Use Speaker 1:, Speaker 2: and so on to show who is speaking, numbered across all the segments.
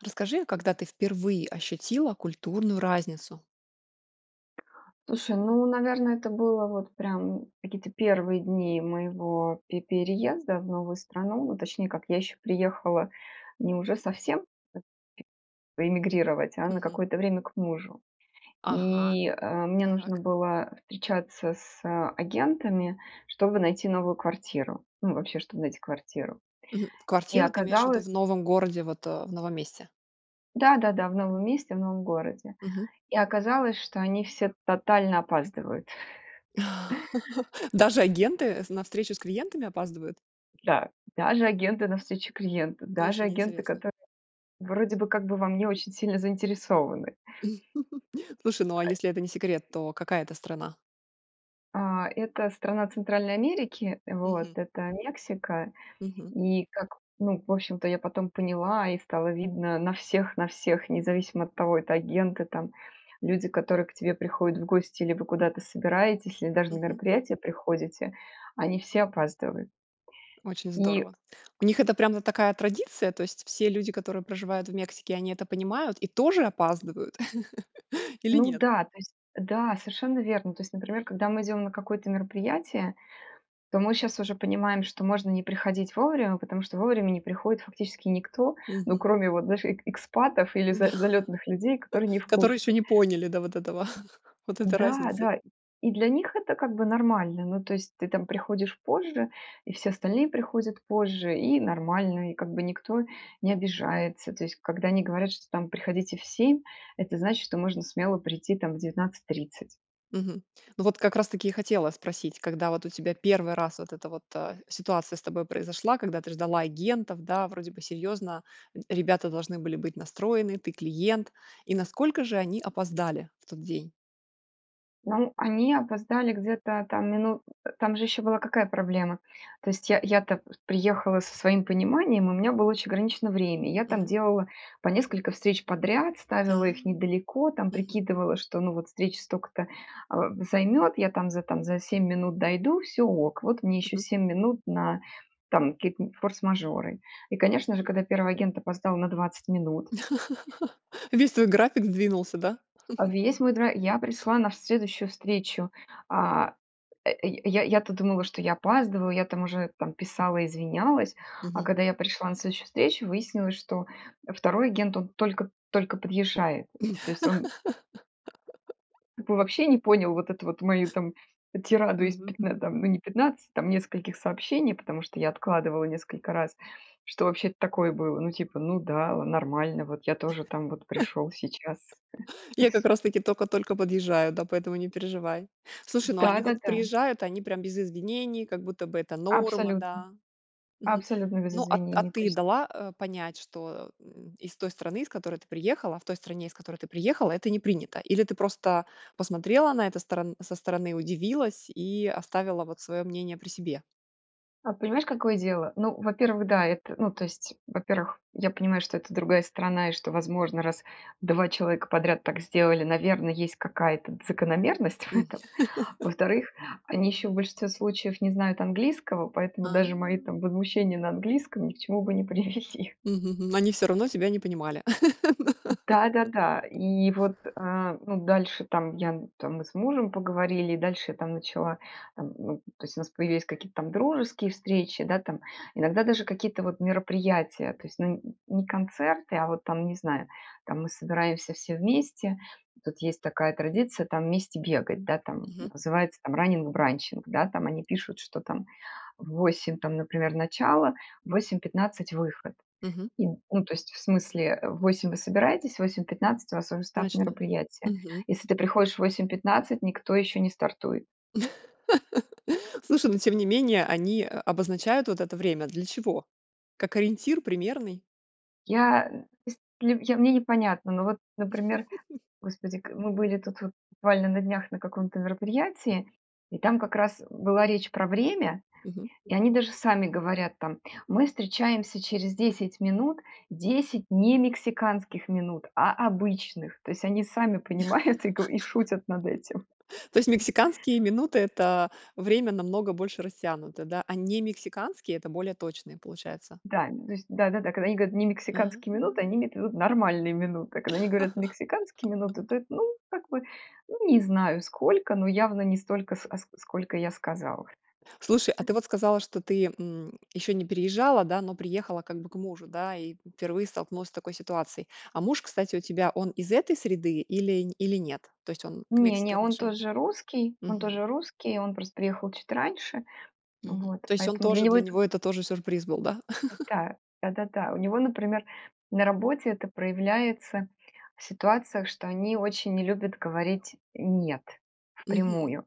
Speaker 1: Расскажи, а когда ты впервые ощутила культурную разницу?
Speaker 2: Слушай, ну, наверно, это было вот прям какие-то 1 дни моего пе переезда в новую страну, ну, точнее как, я еще приехала не уже совсем п е эмигрировать, а на
Speaker 1: Мгм.
Speaker 2: какое-то время к мужу.
Speaker 1: Ага.
Speaker 2: И, э, мне нужно
Speaker 1: Так.
Speaker 2: было встречаться с агентами, чтобы найти новую квартиру, ну, вообще, чтобы найти квартиру.
Speaker 1: Мгм.
Speaker 2: И
Speaker 1: Квартиру ты имеешь в виду
Speaker 2: оказалось
Speaker 1: в новом городе вот, э, в новом месте.
Speaker 2: Да-да-да, в новом месте, в новом городе.
Speaker 1: Мгм.
Speaker 2: И оказалось, что они все тотально опаздывают.
Speaker 1: Даже агенты в на встречу с клиентами опаздывают?
Speaker 2: Да, даже агенты навстречу клиенту, даже
Speaker 1: Очень
Speaker 2: агенты,
Speaker 1: интересно.
Speaker 2: которые вроде бы, как бы во мне очень сильно заинтересованы.
Speaker 1: Слушай, ну, а
Speaker 2: А э
Speaker 1: если это не секрет, то какая это страна?
Speaker 2: А, это страна Центральной Америки, э, вот.
Speaker 1: Мгм.
Speaker 2: Это Мексика.
Speaker 1: Мгм.
Speaker 2: И как ну, в общем-то, я потом поняла, и стало видно на всех на всех, независимо от того, это агенты там, люди, которые к тебе приходят в гости, или вы куда-то собираетесь, или даже на
Speaker 1: Мгм.
Speaker 2: мероприятие приходите- они все опаздывают.
Speaker 1: Очень
Speaker 2: И
Speaker 1: здорово. У них это прям вот такая традиция, то есть все люди, которые проживают в Мексике, они это понимают и тоже опаздывают или
Speaker 2: Ну
Speaker 1: нет?
Speaker 2: да, то есть да, совершенно верно. То есть, например, когда мы идем на какое-то мероприятие, то мы щас уже понимаем, что можно не приходить вовремя, потому что вовремя не приходит фактически никто, ну,
Speaker 1: Мгм.
Speaker 2: кроме вот, знаешь, эк экспатов или
Speaker 1: М-да.
Speaker 2: за залётных людей, которые не в
Speaker 1: Которые ещё
Speaker 2: курсе.
Speaker 1: не поняли, да, вот этого, вот этой
Speaker 2: Да
Speaker 1: разницы.
Speaker 2: да. И для них это как бы нормально. Ну, то есть ты там приходишь позже. И все остальные приходят позже. И нормально. И как бы никто не обижается. То есть когда они говорят, что там: "Приходите в 7"- это значит, что можно смело прийти, там, в 19:30.
Speaker 1: Мгм. Ну, вот как раз-таки и хотела спросить, когда вот у тебя 1 раз вот это вот, а, ситуация с тобой произошла, когда ты ждала агентов, да, вроде бы серьезно, э, ребята должны были быть настроены: "Ты клиент". И насколько же они опоздали в тот день?
Speaker 2: Ну, они опоздали где-то там минут э Там же ещё была какая проблема. То есть я я-то, э, приехала со своим пониманием, у меня было очень ограничено время. И я там
Speaker 1: Мгм.
Speaker 2: делала по несколько встреч подряд, ставила
Speaker 1: А.
Speaker 2: их недалеко, там
Speaker 1: Мгм.
Speaker 2: прикидывала, что, ну вот, встреча столько-то, а, займет, я там за, там за 7 минут дойду- всё ок, вот мне еще
Speaker 1: Мгм.
Speaker 2: 7 минут на, там, какие-то форс-мажоры. И, конечно же, когда 1 агент опоздал на 20 минут
Speaker 1: Весь твой график сдвинулся, да?
Speaker 2: А весь мой да Я пришла на следующую встречу, а, э, я я я-то думала, что я опаздываю, я там уже там писала, извинялась, а
Speaker 1: Мгм.
Speaker 2: когда я пришла на следующую встречу, выяснилось, что, 2 агент, он только только подъезжает. Ну, то есть он П вообще не понял вот эту вот мою там, э, тираду из
Speaker 1: Мгм
Speaker 2: пятн э, ну,
Speaker 1: мгм.
Speaker 2: там не 15, там нескольких сообщений, потому что я откладывала несколько раз, что вообще такое было, ну типа: "Ну да, э, нормально, вот я тоже там вот пришёл сейчас".
Speaker 1: "Я как раз-таки только-только подъезжаю, да, поэтому не переживай". Слушай, ну они вот
Speaker 2: Да-да-да.
Speaker 1: приезжают, они прям без извинений, как будто бы это норма,
Speaker 2: Абсолютно.
Speaker 1: да? Мгм.
Speaker 2: Абсолютно без
Speaker 1: Ну, а т а
Speaker 2: извинений, то
Speaker 1: ты
Speaker 2: есть
Speaker 1: дала, а, понять, что, из той страны, из которой ты приехала, в той стране, из которой ты приехала, это не принято, или ты просто посмотрела на это сторон со стороны, удивилась и оставила вот свое мнение при себе?
Speaker 2: А, понимаешь, какое дело? Ну, во-первых, да, это ну, то есть, во-первых, я понимаю, что это другая страна и что, возможно, раз 2 человека подряд так сделали, наверное, есть какая-то закономерность в
Speaker 1: М.
Speaker 2: этом. Во-вторых, они ещё в большинстве случаев не знают английского, поэтому
Speaker 1: А.
Speaker 2: даже мои там возмущения на английском ни к чему бы не привели.
Speaker 1: Мгм мгм. Они всё равно тебя не понимали.
Speaker 2: Да-да-да, и вот, э, ну, дальше там я там мы с мужем поговорили, дальше там начала там, то есть, у нас появились какие-то там дружеские встречи, да, там, иногда даже какие-то вот мероприятия, то есть, ну, не концерты, а вот там, не знаю, там мы собираемся все вместе. Тут есть такая традиция там вместе бегать, да, там
Speaker 1: Мгм.
Speaker 2: называется там "Раннинг-бранчинг". Да, там они пишут, что там в 8, там, например, начало, в 8:15 выход.
Speaker 1: Мгм.
Speaker 2: И, ну, то есть, в смысле, в 8 вы собираетесь, в 8:15 у вас уже старт
Speaker 1: Начала.
Speaker 2: мероприятия.
Speaker 1: Мгм.
Speaker 2: Если ты приходишь в 8:15, никто еще не стартует.
Speaker 1: Слушай, но тем не менее они, э, обозначают вот это время для чего? Как ориентир примерный?
Speaker 2: Я, то есть, я, мне непонятно, ну вот, например, господи, к мы были тут вот буквально на днях на каком-то мероприятии, и там как раз была речь про время,
Speaker 1: Мгм.
Speaker 2: и они даже сами говорят там: "Мы встречаемся через 10 минут, 10 не мексиканских минут, а обычных". То есть они сами понимают и го шутят над этим.
Speaker 1: То есть мексиканские минуты- это время намного больше растянуто, да, а немексиканские- это более точные, получается.
Speaker 2: Да, то есть да-да-да, когда они говорят немексиканские минуты,
Speaker 1: Мгм.
Speaker 2: они имеют в виду нормальные минуты. Когда они говорят мексиканские минуты, то это, ну, как бы, ну, не знаю сколько, но явно не столько, ск а ск а сколько я сказала.
Speaker 1: Слушай, а ты вот сказала, что ты, м, еще не переезжала, да, но приехала как бы к мужу, да, и впервые столкнулась с такой ситуацией. А муж, кстати, у тебя он из этой среды или или нет? То есть он к
Speaker 2: Не,
Speaker 1: Мексике
Speaker 2: не, он
Speaker 1: отношение
Speaker 2: тоже русский, он
Speaker 1: мгм.
Speaker 2: тоже русский, он просто приехал чуть раньше.
Speaker 1: Мгм.
Speaker 2: Вот,
Speaker 1: То есть он
Speaker 2: поэтому для
Speaker 1: тоже
Speaker 2: него
Speaker 1: для
Speaker 2: это
Speaker 1: него это тоже сюрприз был, да?
Speaker 2: Да, да-да-да. У него, например, на работе это проявляется в ситуациях, что они очень не любят говорить "нет"
Speaker 1: Мгм.
Speaker 2: впрямую.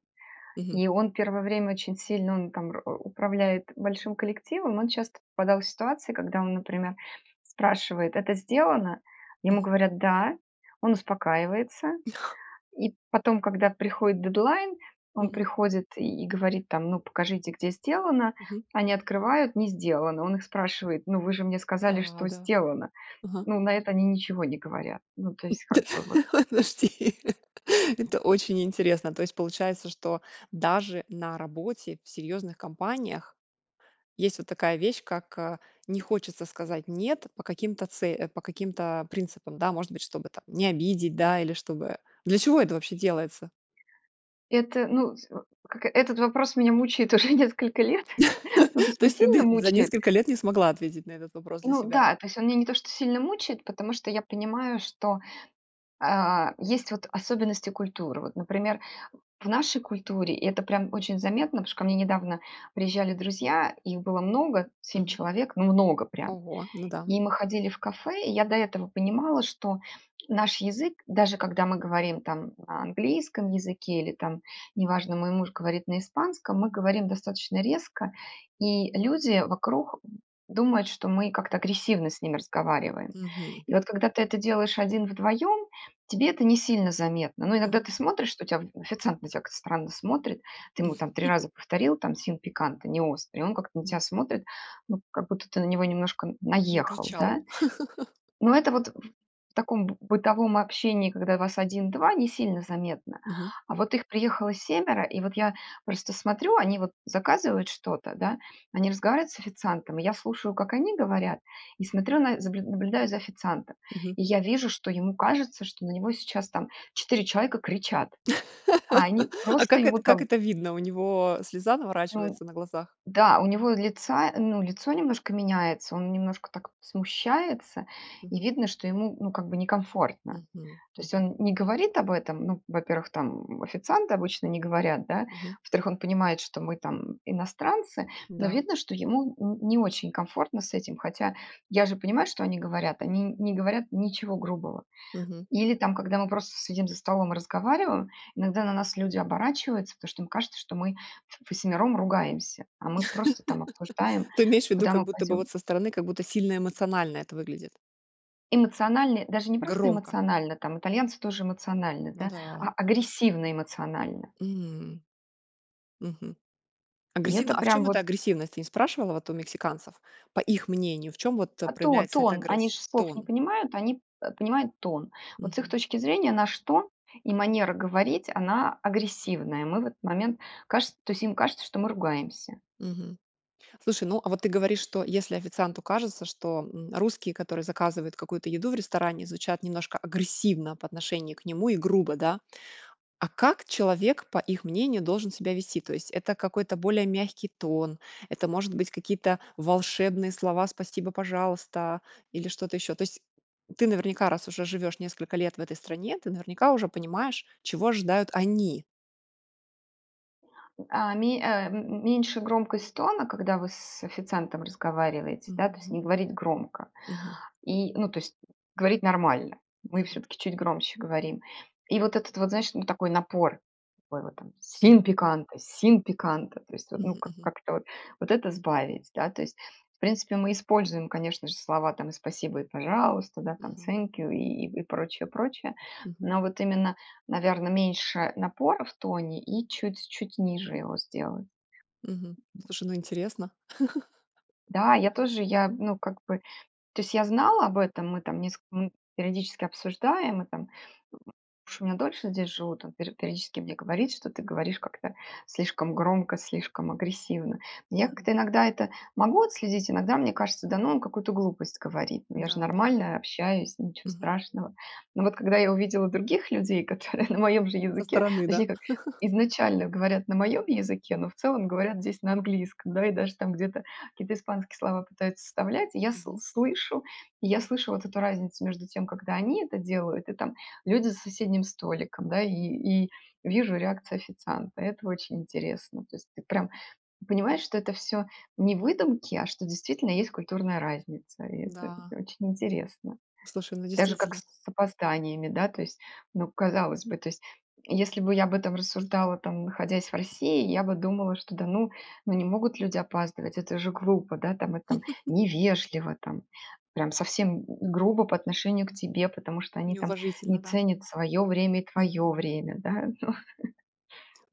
Speaker 1: Мгм.
Speaker 2: И он первое время очень сильно, он там уп управляет большим коллективом, он часто попадал в ситуации, когда он, например, спрашивает: "Это сделано?" Ему
Speaker 1: Мгм.
Speaker 2: говорят: "Да". Он успокаивается и потом, когда приходит дедлайн, он
Speaker 1: Мгм.
Speaker 2: приходит и и говорит там: "Ну, покажите, где сделано?"
Speaker 1: Мгм.
Speaker 2: Они открывают- не сделано. Он их спрашивает: "Ну, вы же мне сказали,
Speaker 1: Да,
Speaker 2: что
Speaker 1: да.
Speaker 2: сделано".
Speaker 1: Мгм.
Speaker 2: Но на это они ничего не говорят. Ну, то есть как
Speaker 1: Да,
Speaker 2: бы вот.
Speaker 1: ох, подожди, это очень интересно, то есть получается, что даже на работе в серьезных компаниях есть вот такая вещь, как, а, не хочется сказать "нет" по каким-то це по каким-то принципам. Да, может быть, чтобы там не обидеть, да, или чтобы для чего это вообще делается?
Speaker 2: Это, ну, с как эт этот вопрос меня мучает уже несколько лет. Ну, то есть
Speaker 1: То
Speaker 2: не
Speaker 1: есть ты
Speaker 2: сильно
Speaker 1: ды за
Speaker 2: мучает.
Speaker 1: несколько лет не смогла ответить на этот вопрос для
Speaker 2: Ну
Speaker 1: себя?
Speaker 2: да, то есть он меня не то что сильно мучает, потому что я понимаю, что, а, есть вот особенности культуры. Вот, например, в нашей культуре это прям очень заметно, потому что ко мне недавно приезжали друзья, и их было много, 7
Speaker 1: Мгм.
Speaker 2: человек, ну, много прям,
Speaker 1: Ого, ну да.
Speaker 2: и мы ходили в кафе. И я до этого понимала, что наш язык, даже когда мы говорим там на английском языке или, там, не важно, мой муж говорит на испанском, мы говорим достаточно резко, и люди вокруг думают, что мы как-то агрессивно с ними разговариваем.
Speaker 1: Мгм.
Speaker 2: И вот когда ты это делаешь один-вдвоем, тебе это не сильно заметно. Но иногда
Speaker 1: Мгм.
Speaker 2: ты смотришь, что тя оф официант на тебя как-то странно смотрит, ты ему там 3 раза повторила там "sin picante", неострый, он как-то на тебя
Speaker 1: Мгм.
Speaker 2: смотрит, ну, как будто ты на него немножко н наехал,
Speaker 1: Накричал.
Speaker 2: да? Но это вот в в таком б бытовом общении, когда вас 1-2, не сильно заметно.
Speaker 1: Мгм.
Speaker 2: А вот их приехало семеро, и вот я просто смотрю, они вот заказывают что-то, да, они разговаривают с официантом, и я слушаю, как они говорят, и смотрю на заб наб наблюдаю за официантом.
Speaker 1: Мгм.
Speaker 2: И я вижу, что ему кажется, что на него сейчас там 4 человека кричат. А они
Speaker 1: А
Speaker 2: просто
Speaker 1: как
Speaker 2: ему
Speaker 1: это как
Speaker 2: там
Speaker 1: это видно, у него слеза
Speaker 2: Ну
Speaker 1: наворачивается на глазах?
Speaker 2: да, у него лица ну, лицо немножко меняется, он немножко так смущается, и
Speaker 1: Мгм.
Speaker 2: видно, что ему, ну, как бы некомфортно.
Speaker 1: Мгм,
Speaker 2: То есть
Speaker 1: мгм.
Speaker 2: он не говорит об этом. Ну, во-первых, там официанты обычно не говорят, да.
Speaker 1: Мгм.
Speaker 2: Во-вторых, он понимает, что мы там иностранцы, но
Speaker 1: Да.
Speaker 2: видно, что ему н не очень комфортно с этим. Хотя я же понимаю, что они говорят. Они н не говорят ничего грубого.
Speaker 1: Мгм.
Speaker 2: Или там, когда мы просто с сидим за столом и разговариваем, иногда на нас люди оборачиваются, потому что им кажется, что мы в ввосьмером ругаемся, а мы просто там обсуждаем,
Speaker 1: Ты имеешь в виду,
Speaker 2: куда
Speaker 1: как
Speaker 2: мы
Speaker 1: будто бы
Speaker 2: пойдем.
Speaker 1: вот со стороны, как будто сильно эмоционально это выглядит?
Speaker 2: Эмоциональные даже не просто
Speaker 1: Громко.
Speaker 2: эмоционально, там итальянцы тоже эмоциональны,
Speaker 1: Ну
Speaker 2: да,
Speaker 1: да.
Speaker 2: а агрессивно эмоционально.
Speaker 1: М. Мгм.
Speaker 2: И
Speaker 1: Агрессивна,
Speaker 2: это
Speaker 1: а в
Speaker 2: прям
Speaker 1: чем эта
Speaker 2: вот
Speaker 1: агрессивность? Ты не спрашивала вот у мексиканцев по их мнению? В чем вот
Speaker 2: А тон
Speaker 1: проявляется эта
Speaker 2: тон. Они ж
Speaker 1: агрессия,
Speaker 2: слов не
Speaker 1: тон?
Speaker 2: понимают, они, э, понимают тон. Вот с их
Speaker 1: Мгм.
Speaker 2: точки зрения наш тон и манера говорить она агрессивная. Мы в этот момент кажется, то есть им кажется, что мы ругаемся.
Speaker 1: Мгм. Слушай, ну, а вот ты говоришь, что если официанту кажется, что, м, русские, которые заказывают какую-то еду в ресторане, звучат немножко агрессивно по отношению к нему и грубо, да? А как человек по их мнению должен себя вести? То есть это какой-то более мягкий тон, это может быть какие-то волшебные слова "спасибо, пожалуйста" или что-то ещё. То есть ты наверняка, раз уже живёшь несколько лет в этой стране, ты наверняка уже понимаешь, чего ожидают они.
Speaker 2: А, ме э, м м меньше громкость тона, когда вы с официантом разговариваете, да то есть
Speaker 1: Мгм.
Speaker 2: не говорить громко,
Speaker 1: Мгм.
Speaker 2: и ну то есть говорить нормально. Мы
Speaker 1: Мгм.
Speaker 2: всё-таки чуть громче говорим. И вот этот вот, знаешь, ну такой напор такой вот Sin
Speaker 1: Мгм.
Speaker 2: picante, Sin picante, то есть ну
Speaker 1: Мгм
Speaker 2: как,
Speaker 1: мгм.
Speaker 2: как-то вот это сбавить. Да. То есть в принципе мы используем конечно же слова там и спасибо и пожалуйста, да там
Speaker 1: Мгм.
Speaker 2: Thank you и и, прочее, прочее.
Speaker 1: Мгм.
Speaker 2: Но вот именно, наверное, меньше напора в тоне и чуть-чуть ниже его сделай.
Speaker 1: Мгм. Слушай, ну интересно.
Speaker 2: Да, я тоже, я ну как бы, то есть я знала об этом, мы там нес ну периодически обсуждаем, мы там. Потому что меня дольше здесь живут, там пе периодически мне говорит, что ты говоришь как-то слишком громко, слишком агрессивно. Я
Speaker 1: Мгм.
Speaker 2: как-то иногда это могу отследить, иногда мне кажется, да ну он какую-то глупость говорит. Ну я же
Speaker 1: Да, да.
Speaker 2: нормально общаюсь, ничего
Speaker 1: Мгм.
Speaker 2: страшного. Но вот когда я увидела других людей, которые на моём же
Speaker 1: Со
Speaker 2: языке,
Speaker 1: стороны, да.
Speaker 2: точнее как изначально говорят на моем языке, но в целом говорят здесь на английском, да. И даже там где-то какие-то испанские слова пытаются вставлять. И я с
Speaker 1: Мгм.
Speaker 2: слышу, я слышу вот эту разницу между тем, когда они это делают и там люди за соседним столиком, да, и и вижу реакцию официанта. Это очень интересно. То есть ты прям понимаешь, что это всё не выдумки, а что действительно есть культурная разница. И это
Speaker 1: Да.
Speaker 2: очень интересно.
Speaker 1: Слушай, ну
Speaker 2: Даже как
Speaker 1: действительно.
Speaker 2: с опозданиями, да то есть. Ну казалось бы то есть, если бы я об этом рассуждала, там находясь в России, я бы думала, что да ну, ну не могут люди опаздывать, это же грубо, да там, э, там невежливо, там прям совсем г грубо по отношению к тебе, потому что они там
Speaker 1: Неуважительно,
Speaker 2: не
Speaker 1: да?
Speaker 2: ценят свое время и твое
Speaker 1: Мгм.
Speaker 2: время, да, ну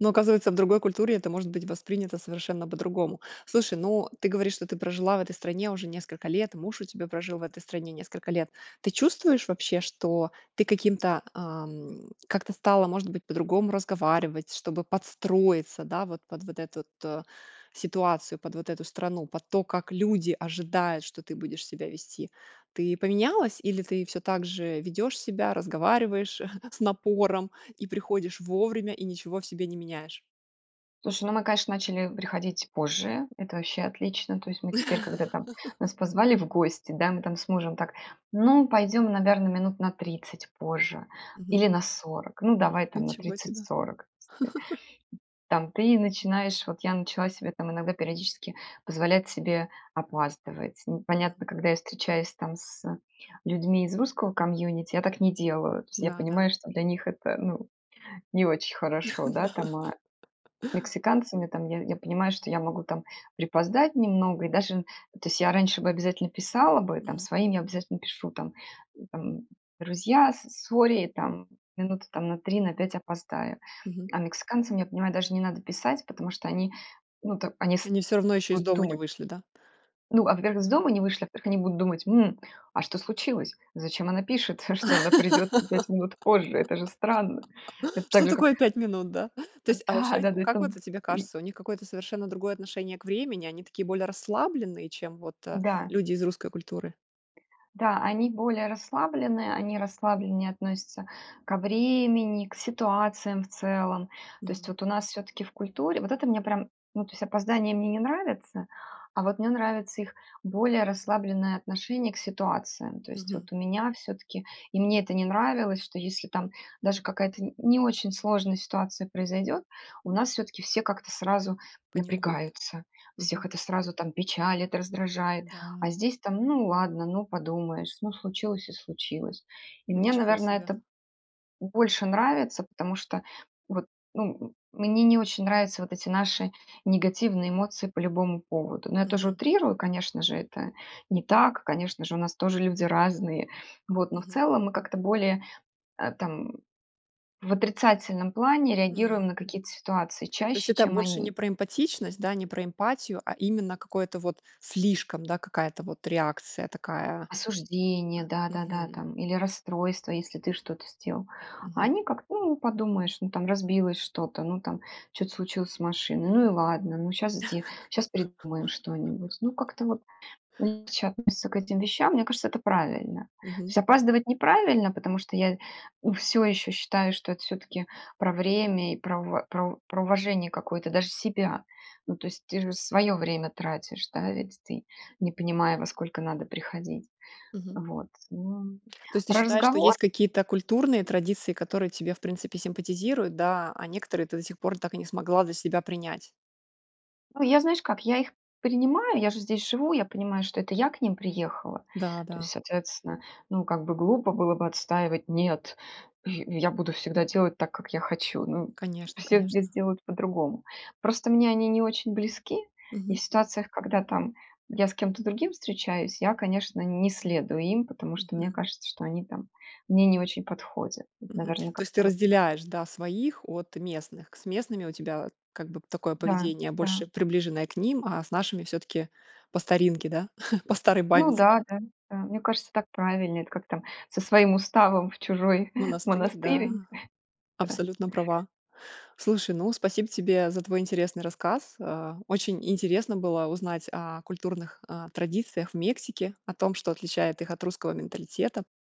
Speaker 1: Но оказывается в другой культуре это может быть воспринято совершенно по-другому. Слушай, ну ты говоришь, что ты прожила в этой стране уже несколько лет, муж у тебя прожил в этой стране несколько лет. Ты чувствуешь вообще, что ты каким-то, ам, как-то стала, может быть, по-другому разговаривать, чтобы подстроиться, да вот под вот этот у ситуацию, под вот эту страну, под то как люди ожидают, что ты будешь себя вести? Ты поменялась или ты всё также ведёшь себя, разговариваешь с напором и приходишь вовремя и ничего в себе не меняешь?
Speaker 2: Слушай, ну, мы, конечно, начали приходить позже это вообще отлично. То есть мы теперь, когда там нас позвали в гости, да, мы там с мужем так: "ну, пойдем, наверное, минут на 30 позже
Speaker 1: Мгм.
Speaker 2: или на 40. Ну, давай, там, на
Speaker 1: Ничего себе.
Speaker 2: 30-40". То есть, да. Там ты начинаешь, вот я начала себе там иногда периодически позволять себе опаздывать. Ну
Speaker 1: Мгм.
Speaker 2: понятно, когда я встречаюсь там с людьми из русского комьюнити, я так не делаю, то есть я понимаю,
Speaker 1: Да-да.
Speaker 2: что для них это, ну, не очень хорошо, да.
Speaker 1: Да.
Speaker 2: Там, а, мексиканцам я там я я понимаю, что я могу там припоздать немного и даже, то есть я раньше бы обязательно писала бы, там
Speaker 1: Мгм.
Speaker 2: своим я обязательно пишу там, э, там: "друзья, с сорри, там минуты на 3 на 5 опоздаю".
Speaker 1: Мгм.
Speaker 2: А мексиканцам, я понимаю, даже не надо писать, потому что они, ну там, они с
Speaker 1: Они всё равно еще из
Speaker 2: будут
Speaker 1: дома не
Speaker 2: думать.
Speaker 1: вышли, да?
Speaker 2: Ну, а во-первых, из
Speaker 1: Ага.
Speaker 2: дома не вышли, а во-вторых, они будут думать: "м, а что случилось? Зачем она пишет, что она придет на 5 минут позже? Это же странно!" Это так
Speaker 1: Что
Speaker 2: же, как
Speaker 1: такое 5 минут, да? То есть, а
Speaker 2: Да,
Speaker 1: вообще,
Speaker 2: да-да,
Speaker 1: как
Speaker 2: это,
Speaker 1: вот у тебе
Speaker 2: и
Speaker 1: кажется, у них какое-то совершенно другое отношение к времени, они такие более расслабленные, чем вот, э,
Speaker 2: Да.
Speaker 1: люди из русской культуры?
Speaker 2: Да, они более расслаблены, они расслабленнее относятся ко времени, к ситуациям в целом. То есть
Speaker 1: Мгм.
Speaker 2: вот у нас всё-таки в культуре вот это мне прям, ну то есть опоздания мне не нравятся, а вот мне нравится их более расслабленное отношение к ситуациям. То есть
Speaker 1: Мгм.
Speaker 2: вот у меня всё-таки и мне это не нравилось, что если там даже какая-то н не очень сложная ситуация произойдет, у нас всё-таки все как-то сразу
Speaker 1: Паникует.
Speaker 2: напрягаются. Всех
Speaker 1: Мгм.
Speaker 2: это сразу там печалит, раздражает, а
Speaker 1: Да.
Speaker 2: здесь там: ну ладно, ну подумаешь, ну случилось и случилось. И мне,
Speaker 1: Ничего
Speaker 2: наверное,
Speaker 1: себе.
Speaker 2: это больше нравится, потому что вот, ну, мне не очень нравятся вот эти наши негативные эмоции по любому поводу. Но я тоже
Speaker 1: Мгм.
Speaker 2: утрирую, конечно же, это не так, конечно же, у нас тоже люди разные, вот но в
Speaker 1: Мгм.
Speaker 2: целом мы как-то более, э, там в отрицательном плане реагируем
Speaker 1: М,
Speaker 2: на
Speaker 1: мгм.
Speaker 2: какие-то ситуации
Speaker 1: То есть
Speaker 2: чаще,
Speaker 1: это
Speaker 2: чем
Speaker 1: больше не
Speaker 2: они.
Speaker 1: про эмпатичность, да? Не про эмпатию, а именно какое-то вот слишком, да? Какая-то вот реакция такая?
Speaker 2: Осуждение,
Speaker 1: Во
Speaker 2: да-да-да
Speaker 1: мгм.
Speaker 2: там или расстройство, если ты что-то сделал. А
Speaker 1: Мгм.
Speaker 2: они как-то: ну подумаешь, ну там разбилось что-то, ну там что-то случилось с машиной, ну и ладно, ну щас сде щас придумаем что-нибудь. Ну как-то вот легче относятся к этим вещам, мне кажется это правильно. То
Speaker 1: Мгм.
Speaker 2: есть опаздывать неправильно, потому что я, у всё еще считаю, что это всё-таки про время и про в про про уважение какое-то даже себя. Ну то есть ты же свое время тратишь, да, ведь ты не понимая во сколько надо приходить.
Speaker 1: Мгм.
Speaker 2: Вот, ну
Speaker 1: То есть ты
Speaker 2: Про
Speaker 1: считаешь, что
Speaker 2: разговор?
Speaker 1: есть какие-то культурные традиции, которые тебе в принципе симпатизируют, да? А некоторые ты до сих пор так и не смогла для себя принять?
Speaker 2: А, я знаешь как, я их принимаю, я же здесь живу, я понимаю, что это я к ним приехала.
Speaker 1: Да,
Speaker 2: То
Speaker 1: да.
Speaker 2: есть, соответственно, ну как бы глупо было бы отстаивать, нет, я я буду всегда делать так, как я хочу, ну
Speaker 1: Конечно,
Speaker 2: все здесь
Speaker 1: конечно.
Speaker 2: делают по-другому. Просто мне они не очень близки и в
Speaker 1: Мгм.
Speaker 2: ситуациях, когда там я с кем-то другим встречаюсь, я, конечно, не следую им, потому что мне
Speaker 1: Мгм.
Speaker 2: кажется, что они там мне не очень подходят. Вот,
Speaker 1: Мгм.
Speaker 2: наверно
Speaker 1: То
Speaker 2: как
Speaker 1: есть ты
Speaker 2: то вот так.
Speaker 1: разделяешь, да, своих от местных? К с местными у тебя, как бы такое
Speaker 2: Да,
Speaker 1: поведение
Speaker 2: да.
Speaker 1: больше приближенное к ним, а, с нашими всё-таки по старинке, да? По старой
Speaker 2: Ну
Speaker 1: памяти.
Speaker 2: да, да, да, мне кажется, так правильнее, это как там со своим уставом в чужой
Speaker 1: Монастырь, да.
Speaker 2: монастырь. Да.
Speaker 1: Абсолютно права. Слушай, ну спасибо тебе за твой интересный рассказ. Э, очень интересно было узнать, а, культурных, а, традициях в Мексики, о том, что отличает их от русского менталитета.